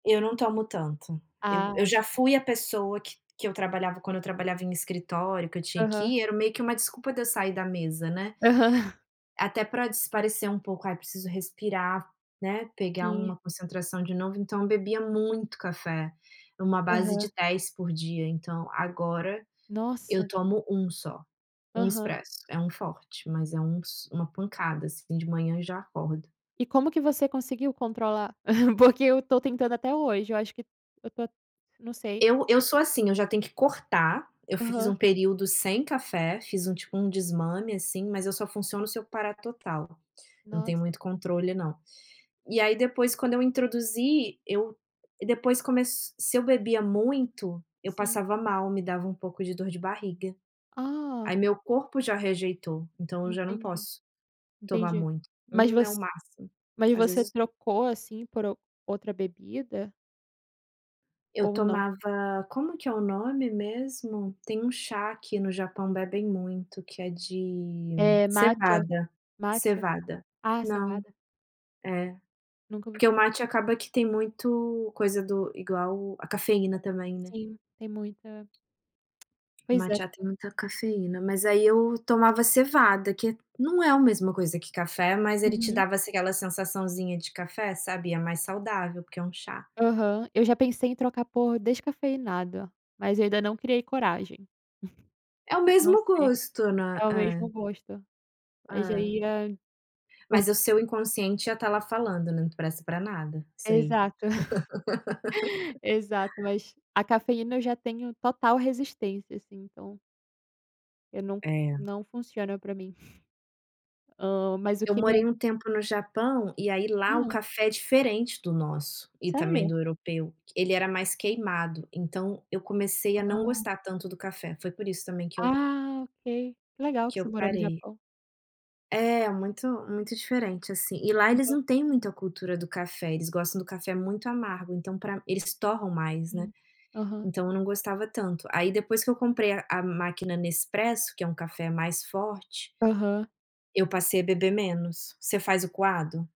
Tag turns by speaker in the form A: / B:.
A: Eu não tomo tanto. Eu eu
B: Ah.
A: já fui a pessoa, que que eu trabalhava quando eu trabalhava em escritório, que eu tinha que
B: Aham.
A: ir, era meio que uma desculpa de eu sair da mesa, né.
B: Aham.
A: Até para espairecer um pouco, "ai, preciso respirar, né, pegar
B: Sim.
A: uma concentração de novo", então eu bebia muito café, uma base
B: Aham.
A: de 10 por dia, então agora eu
B: Nossa.
A: tomo 1 só. 1
B: Aham.
A: expresso, é um forte, mas é uns uma pancada, assim, de manhã, e já acordo.
B: E como que você conseguiu controlar? Porque eu estou tentando até hoje, eu acho que eu to não sei.
A: Eu eu sou assim, eu já tenho que cortar, eu fiz
B: Aham.
A: um período sem café, fiz um, tipo, um desmame, assim, mas eu só funciono se eu parar total, eu não tenho
B: Nossa.
A: muito controle não. E aí depois, quando eu introduzi, eu depois começ se eu bebia muito, eu
B: Sim.
A: passava mal, me dava um pouco de dor de barriga.
B: Ah.
A: Aí meu corpo já rejeitou, então eu já não
B: Entendi.
A: posso tomar
B: Entendi.
A: muito.
B: Mas
A: 1
B: voc
A: é o máximo,
B: mas
A: às
B: você
A: vezes do
B: trocou, assim, por o outra bebida?
A: Eu
B: Ou não?
A: tomava como que é o nome mesmo? Tem um chá que no Japão bebem muito, que é de
B: É mate, é.
A: cevada.
B: Mate.
A: Cevada.
B: Ah,
A: Não.
B: cevada.
A: É.
B: Nunca ouvi
A: Porque
B: fa
A: o mate acaba que tem muito coisa do igual o a cafeína também, né.
B: Sim, tem muita. Pois
A: Mate
B: é.
A: já tem muita cafeína. Mas aí eu tomava cevada, que é não é a mesma coisa que café, mas ele te
B: Uhum.
A: dava aquela sensaçãozinha de café, sabe, e é mais saudável, porque é um chá.
B: Aham. Eu já pensei em trocar por descafeinado, mas eu ainda não criei coragem.
A: É o
B: Não
A: mesmo
B: sei.
A: gosto, não
B: É
A: é.
B: o mesmo
A: É.
B: gosto. Mas
A: É.
B: aí, ah, por
A: Mas o seu inconsciente ia estar lá falando, né, "não presta para nada, isso aí".
B: Exato. Exato, mas a cafeína, eu já tenho total resistência, assim, então eu não
A: É.
B: não funciona para mim. Hã, mas o
A: Eu
B: que me
A: morei um tempo no Japão, e aí lá o
B: Hum.
A: café é diferente do nosso, e também
B: Sério?
A: do europeu. Ele era mais queimado, então eu comecei a não
B: Hã.
A: gostar tanto do café, foi por isso também que eu
B: Ah, ok. Que legal que
A: que eu
B: você morou no
A: parei.
B: Japão.
A: É, muito muito diferente, assim. E lá eles
B: [unintelligible]
A: não têm muita a cultura do café, eles gostam do café muito amargo, então pra eles torram mais, né,
B: Sim. Aham.
A: então eu não gostava tanto. Aí depois que eu comprei a a máquina Nespresso, que é um café mais forte
B: Aham.
A: eu passei a beber menos. Você faz o coado?